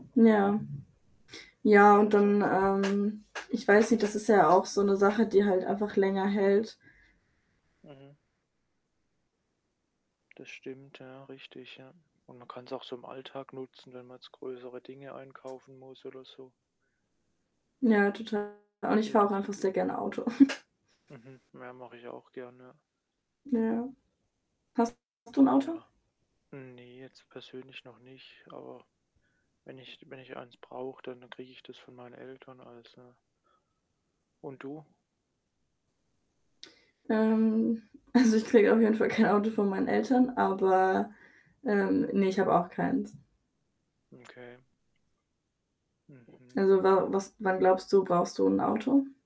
Ja. Ja Und und dann, ansonsten ähm, ich weiß nicht, das ist ja auch so 'ne Sache, die halt einfach länger hält. Mhm. Das stimmt ja richtig, ja, und man kann's auch so im Alltag nutzen, wenn man jetzt größere Dinge einkaufen muss oder so. Ja, total und ich fahre Geht. auch Das einfach geht. sehr gerne Auto. Mhm, ja, mache ich auch gern, ja. Ja. Hast du 'n Auto? Ja. Ne, jetzt persönlich noch nicht, aber wenn ich wenn ich eins brauche, dann dann kriege ich das von meinen Eltern als, ne? Und du? Ähm, also, ich kriege auf jeden Fall kein Auto von meinen Eltern, aber, ähm ne, ich habe auch keins. Okay. Mhm. Also wa was wann glaubst du, brauchst du 'n Auto?